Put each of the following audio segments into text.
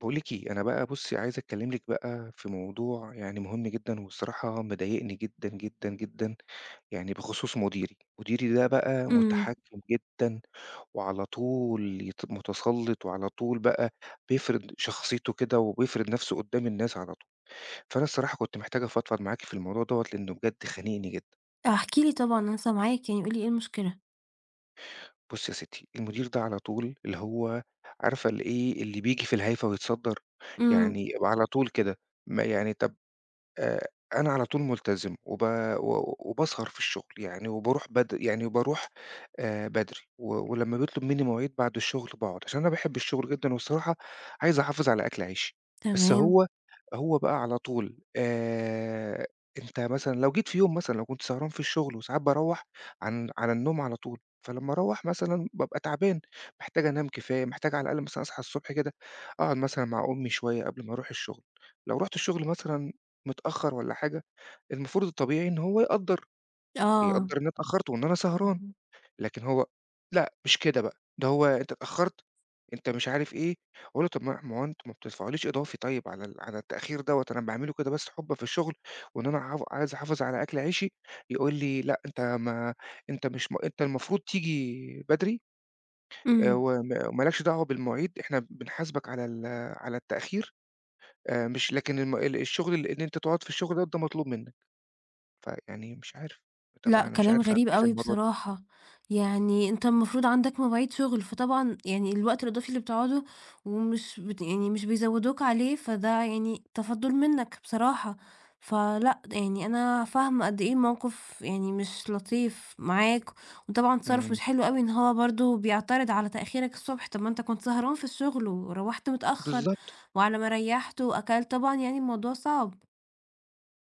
باقول لِك إيه، أنا بقى بُصّي، عايز أكلّم لِك بقى في موضوع يعني مهم جدًا، وبصراحة مضايقني جدًا، جدًا، جدًا يعني بخصوص مديري، مديري ده بقى إمم. متحكّم جدًا، وعلى طول يت متسلّط وعلى طول بقى بيفرِض شخصيتُه كده، وبيفرد نفسُه قُدّام الناس على طول، فأنا الصراحة كنت محتاج أفضفض معاكِ في الموضوع دوَّة لأنه بجد خانقني جدًا. احكِ لي طبعًا، أنا سامعاك قُل لي إيه المشكلة؟ بُصّي يا ستي، المدير ده على طول اللي هو عارفة الإيه اللي بييجي في الهايفة ويتصدّر؟ إمم. يعني وعلى طول كده ما يعني طَب آآ، أنا على طول ملتزم وب و وباسهر في الشغل يعني، وبارُوح بدر يعني وبارُوح آآ، بدري ولمّا بيطلُب مني مواعيد بعد الشغل باقعد، عشان أنا باحب الشغل جدًا وبصراحة عايز أحافظ على أكل عيشي، بس تمام. هو، هو بقى على طول آآ، أنت مثلًا لو جيت في يوم مثلًا لو كنت سهران في الشغل وساعات باروّح عن على النوم على طول، فلمّا أروّح مثلًا بابقى تعبان، محتاج أنام كفاية، محتاج على الأقل مثلًا أصحى الصبح كده أقعد مثلًا مع أمي شوية قبل ما أرُوح الشغل، لو رحُت الشغل مثلًا متأخّر والَّا حاجة، المفروض الطبيعي إن هو يقدّر، آه، يقدّر إن أنا اتأخّرت، وإن أنا سهران، اهم. لكن هو لأ مش كده بقى ده هو أنت اتأخّرت، أنت مش عارف إيه، أقول له طَب ما هو ماهو أنتم ما بتدفعوليش إضافي طيب على ال على التأخير دوَّة، أنا باعملُه كده بس حبًا في الشغل، وإن أنا ع عايز أحافظ على أكل عيشي، يقول لي لأ أنت ما أنت مش أنت المفروض تيجي بدري، آآ، إمم. و وما مالكش دعوة بالمواعيد، إحنا بنحاسبك على ال على التأخير آآ، مش لكن الم ال الشغل اللي إن أنت تقعد في الشغل ده مطلوب منك، فيعني مش عارف طَب لأ، أنا مش كلام عارف أعمل غريب إيه في أوي الموضوع ده. بصراحة، يعني أنت المفروض عندك مواعيد شغل، فطبعًا يعني الوقت الإضافي اللي بتقعده ومش بت يعني مش بيزوّدوك عليه فده يعني تفضُّل منك بصراحة، ف لأ يعني أنا فاهمة قد إيه موقف يعني مش لطيف معاك، وطبعًا تصِرُّف إمم. مش حلو أوي إن هو برضه بيعترض على تأخيرك الصبح، طَب ما أنت كنت سهران في الشغل، وروّحت متأخّر بالضبط. وعلى ما ريّحت وأكلت، طبعًا يعني الموضوع صعب.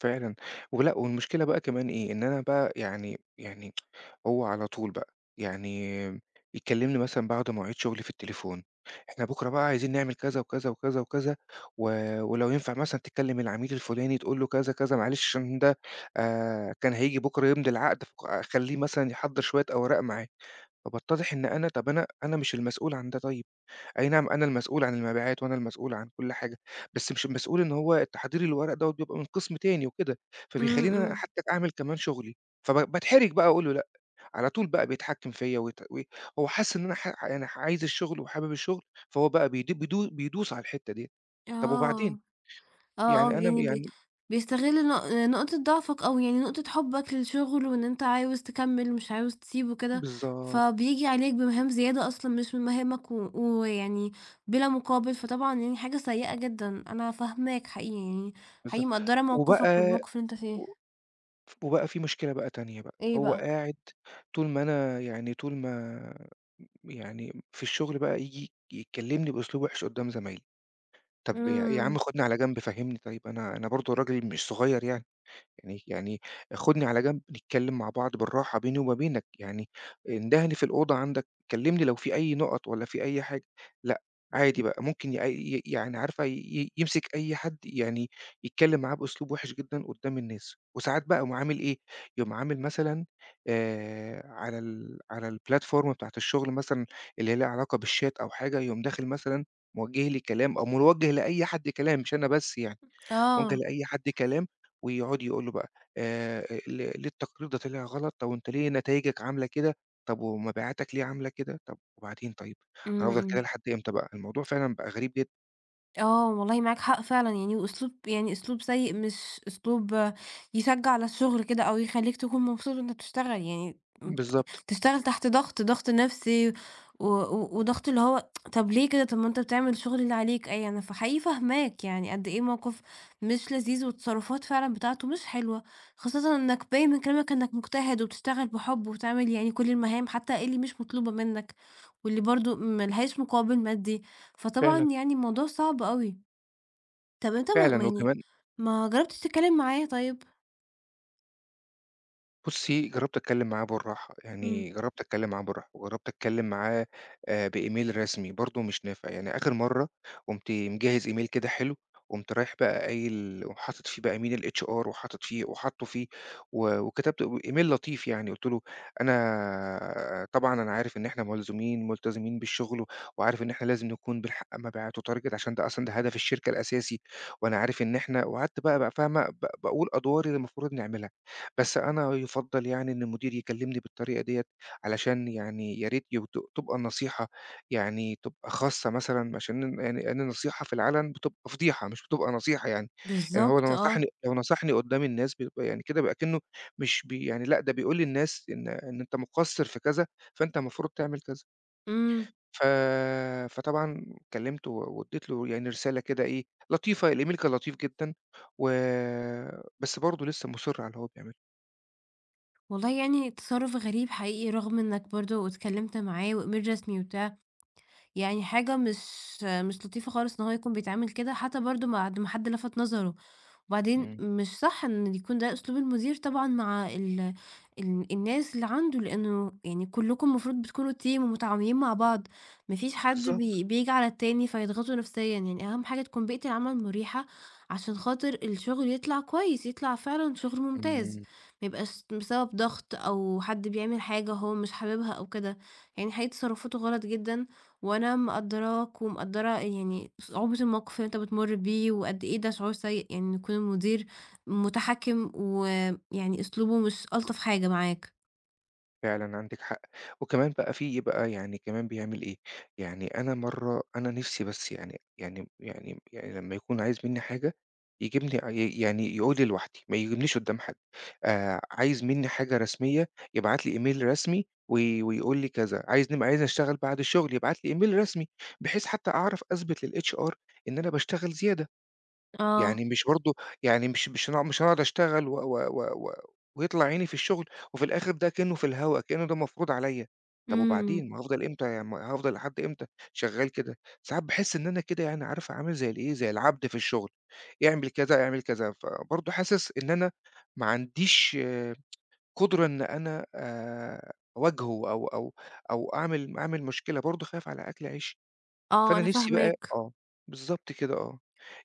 فعلًا، ولأ والمشكلة بقى كمان إيه، إن أنا بقى يعني يعني هو على طول بقى، يعني يكلِّمني مثلًا بعد مواعيد شغلي في التليفون، "إحنا بُكرة بقى عايزين نعمل كذا وكذا، وكذا، وكذا و ولو ينفع مثلًا تكلِّم العميل الفُلاني تقول له كذا، كذا، معلش عشان ده آآ، كان هييجي بُكرة يمضي العقد ف خليّه مثلًا يحضّر شوية أوراق معاه." فباتضّح إن أنا طَب أنا أنا مش المسؤول عن ده طيب، أي نَعَم أنا المسؤول عن المبيعات وأنا المسؤول عن كل حاجة، بس مش المسؤول إن هو تحضير الورق دوّة بيبقى من قسم تاني وكده، إمم، فبيخليني أنا إمم. حتى أعمل كمان شغلي، فب باتحرِج بقى أقول له لأ، على طول بقى بيتحكِّم فيّا ويت وي هو حاسس إن أنا ح يعني ح عايز الشغل وحابب الشغل، فهو بقى بيد بيدو بيدوس على الحتة دي، طَب وبعدين؟ آه، آه، آه يعني أنا يعني ب يعني بيستغل نق نقطة ضعفك أو يعني نقطة حبك للشغل وإن أنت عاوز تكمّل مش عاوز تسيبُه وكده، بالضبط. فبييجي عليك بمهام زيادة أصلًا مش من مهامك و ويعني بلا مقابل، فطبعًا يعني حاجة سيئة جدًا. أنا فاهماك حقيقي يعني، حقيقي بالضبط، مقدّرة موقفك وبقى والموقف اللي أنت و فيه. ف وبقى في مشكلة بقى تانية بقى، إيه هو بقى؟ قاعد طول ما أنا يعني طول ما م يعني في الشغل بقى ييجي يكّلمني بأسلوب وِحِش قُدّام زمايلي، طَب يا يا عم إمم. خُدني على جنب فهمّني طيب، أنا أنا برضه راجل مش صغير يعني يعني يعني خُدني على جنب، نتكلم مع بعض بالراحة بيني وما بينك، يعني اندهني في الأوضة عندك، كلّمني لو في أي نُقَط والَّا في أي حاجة، لأ، عادي بقى ممكن ي ي يعني عارفة ي يمسك أي حد يعني يتكلم معاه بأسلوب وِحِش جدًا قُدّام الناس، وساعات بقى يقوم عامل إيه، يقوم عامل مثلًا آآ، على ال على الplatform بتاعة الشغل مثلًا اللي هي ليها علاقة بالchat أو حاجة يقوم داخل مثلًا موجّه لي كلام أو موجّه لأي حد كلام مش أنا بس يعني، موجّه آه. لأي حد كلام، ويقعد يقول له بقى آآ، آآ، "لي ليه التقرير ده طلع غلط؟ طَب وأنت ليه نتايجك عاملة كده؟ طَب ومبيعاتك ليه عاملة كده؟" طَب وبعدين طيب، أنا إمم، هافضل كده إمم. لحد إمتى بقى؟ الموضوع فعلًا بقى غريب جدًا. آه، والله معاك حق فعلًا، يعني وأسلوب يعني أسلوب سيِّئ، مش أسلوب يشجِّع على الشغل كده، أو يخلِّيك تكون مبسوط وأنتَ بتشتغَل، يعني ابت بالضبط. بتشتغَل تحت ضغط، ضغط نفسي و و وضغط اللي هو طَب ليه كده؟ طَب ما أنتَ بتعمل الشغل اللي عليك، إيه يعني؟ فحقيقي فاهِماك يعني، قد إيه موقف مش لذيذ، والتصرفات فعلًا بتاعته مش حلوة، خاصةً إنَّك بايِن من كلامَك إنَّك مجتهِد وبتشتغَل بحب وبتعمل يعني كل المهام، حتى اللي مش مطلوبة منَّك، واللي برضه ما لهاش مقابِل مادي. فطبعًا فعلًا. يعني الموضوع صعب أوي. طب أنت ما ما فعلًا، يعني وكمان ما جرَّبتِش تتكلَّم معاه طيب؟ بُصي، جرَّبت أتكلَّم معاه بالراحة، يعني امم. جرَّبت أتكلَّم معاه بالراحة، وجرَّبت أتكلَّم معاه آآ، بemail رسمي برضه، مش نافع. يعني. آخِر مرَّة قُمت مجهِّز email كده حلو، قُمت رايِح بقى قايِل وحاطط فيه بقى email الHR وحاطط فيه وحاطِّه فيه، و وكتبت و email لطيف يعني. قُلت له: "أنا طبعًا أنا عارف إن إحنا ملزومين، ملتزِمين بالشغل و وعارف إن إحنا لازِم نكون بنحقّق مبيعات و target، عشان ده أصلًا هدف الشركة الأساسي، وأنا عارِف إن إحنا" وقعدت بقى بقى فاهمة؟ ب باقول أدوار اللي المفروض نعملها. بس أنا يُفضَّل يعني إن المدير يكلِّمني بالطريقة ديَّة، علشان يعني يا ريت يب تب تبقى النصيحة يعني تبقى خاصَّة مثلًا، عشان ن يعني أنا النصيحة في العلَن بتبقى فضيحة مش بتبقى نصيحة يعني. يعني هو بالضبط، لو آه. نصحني لو نصَحني قُدَّام الناس، بيبقى يعني كده بيبقى كأنه مش بي يعني لأ، ده بيقول للناس إن إن أنتَ مُقصّر في كذا، فأنتَ المفروض تعمل كذا. امم. ف فطبعًا كلَّمته، و وإدِّيت له يعني رسالة كده إيه، لطيفة، الemail كان لطيف جدًا، و بس برضه لسَّه مُصِر على اللي هو بيعمله. والله يعني تصرف غريب حقيقي، رغم إنك برضو اتكلمت معاه وemail رسمي وبتاع، يعني حاجه مش مش لطيفة خالص إن هو يكون بيتعامل كده، حتّى برضو بعد ما حد لفت نظره، وبعدين امم. مش صح إن يكون ده أسلوب المدير طبعًا مع ال ال الناس اللي عنده، لأنه يعني كلكم المفروض بتكونوا team ومتعاونين مع بعض، ما فيش حد بالضبط. بي بييجي على التاني فيضغطه نفسيًا يعني، أهم حاجه تكون بيئة العمل مُريحة عشان خاطر الشغل يطلع كويس، يطلع فعلًا شغل ممتاز، امم. ما يبقاش بسبب ضغط أو حد بيعمل حاجه هو مش حاببها أو كده، يعني حقيقي تصرفاته غلط جدًا، وأنا مقدراك ومقدّرة يعني صعوبة الموقف اللي أنت بتمر بيه، وقدّ إيه ده شعور سيء إن يكون المدير متحكم ويعني أسلوبه مش ألطف حاجه معاك. فعلًا عندِك حق، وكمان بقى في بقى يعني كمان بيعمل إيه، يعني أنا مَرّة أنا نِفسي بس يعني يعني يعني يعني لمّا يكون عايز مني حاجه، يجيبني ي يعني يقول لي لِوَحدِي، ما يقولّيش قدّام حد، آآ، عايز مني حاجه رسمية يبعت لي email رسمي، وي ويقول لي كذا، عايز نب عايز أشتغل بعد الشغل يبعت لي email رسمي بحيث حتّى أعرف أثبت للHR إن أنا باشتغل زيادة، آه. يعني مش برضو يعني مش مش هن مش أنا أقعد أشتغل و و و و ويطلع عيني في الشغل وفي الآخر ده كأنه في الهواء، كأنه ده مفروض عليّا، طيب إمم. وبعدين ما هافضل إمتى يم هافضل لحد إمتى شغال كده؟ ساعات باحس إن أنا كده يعني عارفه عامل زي الإيه زي العبد في الشغل، إعمل كذا، إعمل كذا، فبرضو حاسس إن أنا ما عنديش قدرة إن أنا آآ، أواجهُه أو أو أو أعمل أعمل مشكلة، برضو خايف على أكْل عيشي، آه فأنا أنا نِفسي بقى فاهماك. آه بالضبط كده آه،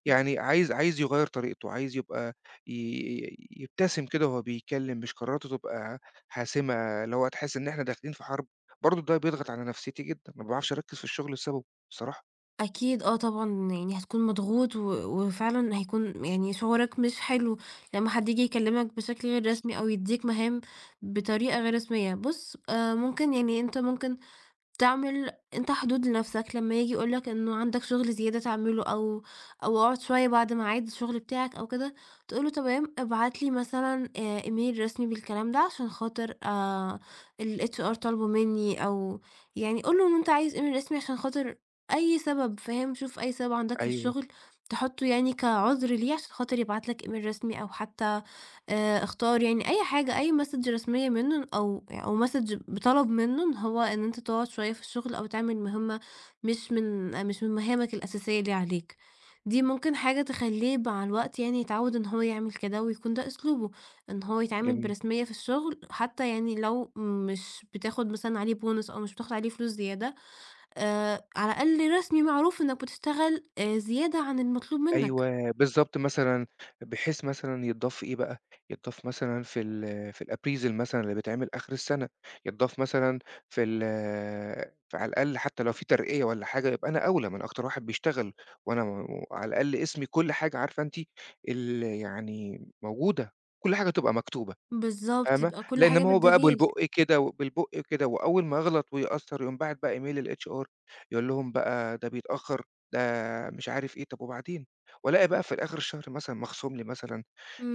يعني عايز عايز يغيّر طريقته، عايز يبقى ي ي يبتسم كده وهو بيكلّم، مش قراراته تبقى حاسمة اللي هو تحس إن إحنا داخلين في حرب، برضو ده بيضغط على نفسيتي جدًا، ما باعرفش أركّز في الشغل بسببه، صراحة. أكيد! آه طبعًا، يعني هتكون مضغوط و وفعلًا هيكون م يعني شعورك مش حلو، لمّا حد ييجي يكلّمك بشكل غير رسمي، أو يدّيك مهام بطريقة غير رسمية. بُص، آآ مُمكن، يعني أنت مُمكن، تعمل أنت حدود لنفسِك، لمّا ييجي يقول لك إنه عندك شغل زيادة تعمله، أو أو اقعد شوية بعد ميعاد الشغل بتاعك أو كده، تقول له: "تمام. ابعت لي مثلًا آآ إيميل رسمي بالكلام ده، عشان خاطر آآ الHR طالبه مني" أو يعني قُل له إن أنت عايز إيميل رسمي، عشان خاطر أي سبب، فاهم؟ شوف أي سبب عندك في أيوه. الشغل، تحُطُّه يعني كعذر ليه، عشان خاطر يبعت لك إيميل رسمي، أو حتّى آآ اختار يعني، أي حاجه، أي مسج رسمية منه أو أو Message بِطَلب منه هو، إن أنت تقعد شوية في الشغل، أو تعمل مهمة مش من مش من مهامك الأساسية اللي عليك، دي مُمكن حاجه تخلّيه مع الوقت يعني، يتعود إن هو يعمل كده، ويكون ده أسلوبه، إن هو يتعامل جميل. برسمية في الشغل، حتّى يعني لو مش بتاخد مثلًا عليه Bonus أو مش بتاخد عليه فلوس زيادة، آآ على الأقل رسمي، معروف إنّك بتشتغل آآ زيادة عن المطلوب منّك. أيوه، بالضبط مثلًا، بحيث مثلًا يتضاف في إيه بقى، يتضاف مثلًا في ال في الappraisal مثلًا اللي بيتعمل آخر السنة، يتضاف مثلًا في ال ف على الأقل حتّى لو في ترقيّة والّا حاجه، يبقى أنا أولى، ما أنا أكتر واحد بيشتغل، وأنا و على الأقل اسمي كل حاجه، عارفة أنتِ ال يعني موجودة، كل حاجه تبقى مكتوبة، بالضبط. فاهمة؟ يبقى كل لأن حاجة ما هو بقى بالدليل. بالبُقّ كده، وبالبُقّ كده، وأوّل ما أغلط، ويأثّر، يقوم باعت بقى إيميل للHR يقول لهم بقى، ده بيتأخر، ده مش عارف إيه، طَب وبعدين؟! وألاقي بقى في الآخر الشهر مثلًا، مخصوم لي مثلًا،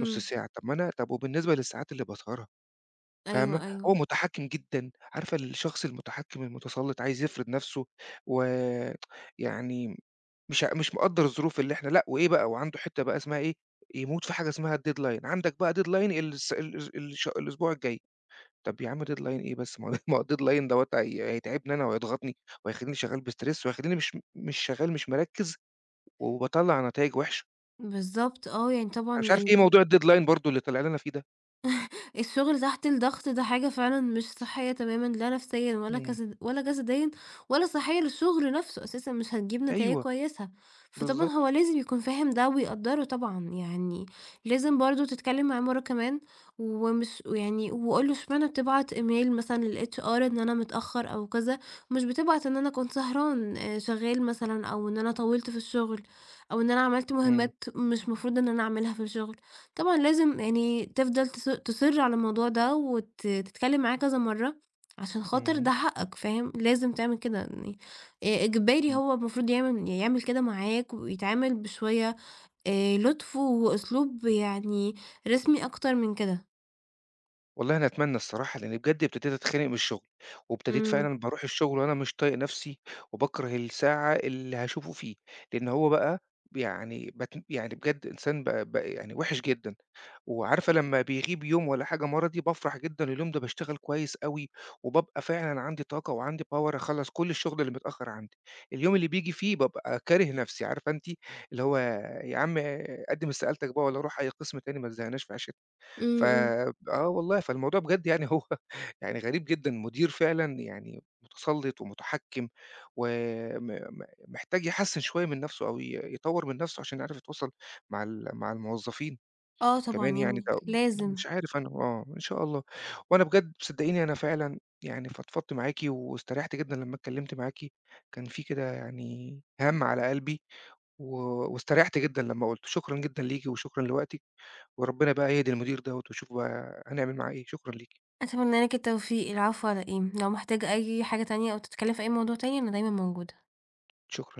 نُص ساعة، طَب ما أنا طَب وبالنسبة للساعات اللي باسهرها! فاهمة؟ أيوه، هو أيوه. مُتحكّم جدًا، عارفة الشخص المُتحكّم المُتسلّط، عايز يفرض نفسه و يعني مش آ مش مقدّر الظروف اللي إحنا لأ، وإيه بقى، وعنده حِتّة بقى اسمها إيه، يموت في حاجه اسمها الdeadline عندك بقى deadline ال الس الأس ال الش الأسبوع الجاي، طَب يا عم deadline إيه بس، ما هو ما هو الdeadline دَوّة هي هيتعبني أنا، وهيضغطني، وهيخلّيني شغال بstress وهيخلّيني مش م مش شغال مش مركّز، وباطَلّع نتايج وِحْشَة. بالضبط، آه، يعني طبعًا أنا مش عارف إيه الد موضوع الdeadline برضه اللي طلع لنا فيه ده؟ الشغل تحت الضغط ده حاجة فعلًا مش صحيَّة تمامًا، لا نفسيًا ولا إمم. كسد ولا جسديًا، ولا صحيَّة للشغل نفسه أساسًا، مش هتجيب نتايِج أيوه، كويِسة. فطبعًا بالضبط هو لازم يكون فاهم ده ويقدِّره، طبعًا. يعني لازم برضه تتكلَّم معاه مرَّة كمان، ومش ويعني وقل له: "اشمعنا بتبعَت email مثلًا للHR إن أنا متأخّر أو كذا، ومش بتبعَت إن أنا كنت سهران، آآ، شغَّال مثلًا، أو إن أنا طوَّلت في الشغل، أو إن أنا عملت إمم. مُهمَّات مش مفروض إن أنا اعملها في الشغل." طبعًا، لازم يعني تفضل تص تُصِر على الموضوع ده، وت تتكلَّم معاه كذا مرَّة، عشان خاطر إمم. ده حقَّك، فاهم؟ لازِم تعمل كده يعني، إ إجباري، إمم. هو المفروض يعمل يعمل كده معاك، ويتعامل بشوية آآ، لطف وأسلوب يعني، رسمي أكتر من كده. والله أنا أتمنَّى الصراحة، لإني بجد ابتدِيت أتخنَّق من الشغل، وابتدِيت إمم. فعلًا بارُوح الشغل وأنا مش طايِق نفسي، وباكرَه الساعة اللي هاشوفه فيه. لإن هو بقى بيعني بتم يعني بجد إنسان ب بقى يعني وحِش جدًا. وعارفة لمَّا بيغيب يوم والّا حاجة مَرضي، بافرح جدًا، اليوم ده باشتغَل كويِس أوي، وبابقى فعلًا عندي طاقة وعندي power، أخلَّص كل الشغل اللي متأخّر عندي. اليوم اللي بييجي فيه بابقى كاره نفسي. عارفة أنتِ، اللي هو: "يا عم آآ، قدِّم استقالتَك بقى، والّا رُوح أي قسم تاني، ما تزهِّقناش في عيشتنا." إمم، إمم. فب آه والله. فالموضوع بجد يعني، هو يعني غريب جدًا، مدير فعلًا يعني مُتسلِّط ومتحكم، وم م محتاج يحسِّن شوية من نفسه، أو ي يطوّر من نفسه، عشان يعرف يتواصل مع ال مع الموظَّفين. آه، طبعًا كمان يعني يعني ده و لازم. مش عارِف أنا، آه، إن شاء الله. وأنا بجد ب صدِّقيني، أنا فعلًا يعني فضفَضت معاكِ واستريِّحت جدًا لمَّا اتكلَّمت معاكِ. كان في كده يعني هَمّ على قلبي، و واستريِّحت جدًا لمَّا قُلِّته. شكرًا جدًا ليكِ وشكرًا لوقتِك، وربنا بقى يهدي المدير دوَّة، واشوف بقى هنعمل معاه إيه. شكرًا ليكِ. أتمنى لك التوفيق، العفو على إيه، لو محتاج أي حاجة تانية أو تتكلَّم في أي موضوع تاني، أنا دايمًا موجودة. شكرًا.